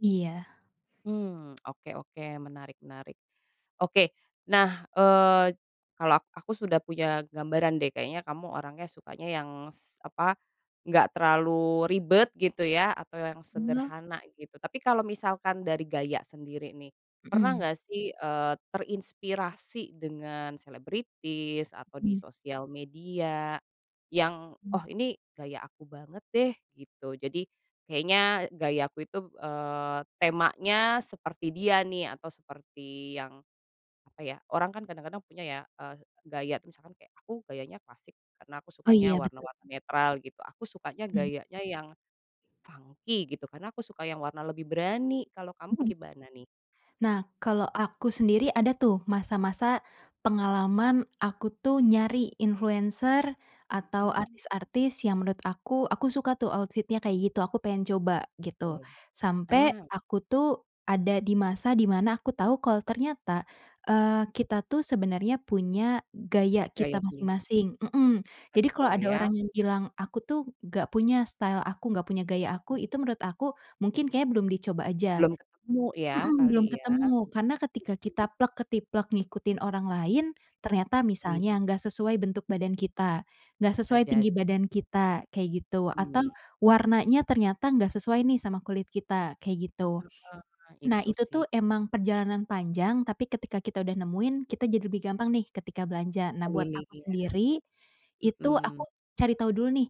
Iya. Mmm, oke oke menarik menarik, oke nah, eee, kalau ak aku sudah punya gambaran deh kayaknya kamu orangnya sukanya yang s apa, enggak terlalu ribet gitu ya atau yang [unintelligible] sederhana gitu tapi kalau misalkan dari gaya sendiri nih, pernah Mhm. enggak sih, eee, terinspirasi dengan selebritis atau di Mmm. sosial media, yang Mmm. oh ini gaya aku banget deh gitu jadi, kayaknya gaya aku itu, eee, temanya seperti dia nih atau seperti yang, apa ya orang kan kadang-kadang punya ya, eee, gaya tuh misalkan kayak aku gayanya klasik karena aku Oh sukanya iya warna-warna betul. netral gitu aku sukanya Mmm. gayanya yang, funky gitu karena aku suka yang warna lebih berani kalau kamu Mhm. gimana nih? Nah kalo aku sendiri ada tuh masa-masa, pengalaman aku tuh nyari influencer, atau Mmm. artis-artis yang menurut aku aku suka tuh outfit-nya kayak gitu aku pengen coba gitu, Oke, sampe ah. aku tuh ada di masa di mana aku tahu kalau ternyata, eee, kita tuh sebenarnya punya gaya Gaya kita sendiri. masing-masing, mhm, jadi kalau Betul ada ya. orang yang bilang aku tuh gak punya style aku gak punya gaya Mhm. aku itu menurut aku mungkin kayaknya belum dicoba aja, Belum ketemu ya mhm, belum kali ya. ketemu karena ketika kita plek-ketiplek ngikutin orang lain, ternyata Iya. misalnya nggak sesuai bentuk badan kita, nggak Bisa sesuai tinggi jadi. badan kita kayak gitu atau Mmm. warnanya ternyata nggak sesuai nih sama kulit kita kayak gitu, Heeh, nah itu itu tuh sih. emang perjalanan panjang tapi ketika kita udah nemuin kita jadi lebih gampang nih ketika belanja nah buat aku Pemilihan, sendiri, itu aku mhm. cari tahu dulu nih,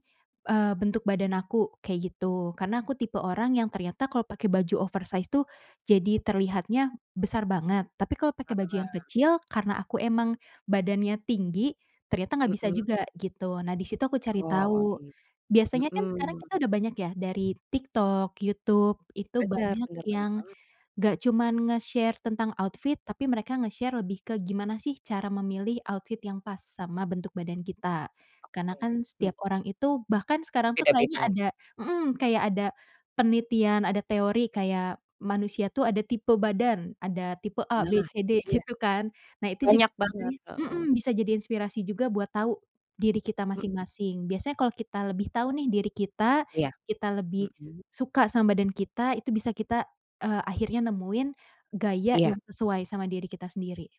eee, bentuk badan aku kayak gitu karena aku tipe orang yang ternyata kalau pakai baju oversize tuh, jadi terlihatnya besar banget tapi kalau pakai baju yang Heeh. kecil karena aku emang badannya tinggi, ternyata nggak bisa Mhm. juga gitu nah di situ aku cari Oh tahu, gi biasanya kan sekarang kita mhm. udah banyak ya dari TikTok, YouTube itu Bener banyak bener banyak yang, banget. nggak cuman nge-share tentang outfit tapi mereka nge-share lebih ke gimana sih cara memilih outfit yang pas sama bentuk badan kita, karena Oke, kan mmm. setiap orang itu bahkan sekarang tuh kayaknya Beda-beda. ada, mhm, kayak ada, penelitian ada teori kayak manusia tuh ada tipe badan ada tipe A, B, Nah C, itu D dia, gitu kan nah itu juga banyak banget, sebenarnya, heeh. mhm, bisa jadi inspirasi juga buat tahu, diri kita Mhm. masing-masing biasanya kalau kita lebih tahu nih diri kita Iya, kita lebih, mhm. suka sama badan kita itu bisa kita, eee, akhirnya nemuin, gaya Iya. yang sesuai sama diri kita sendiri.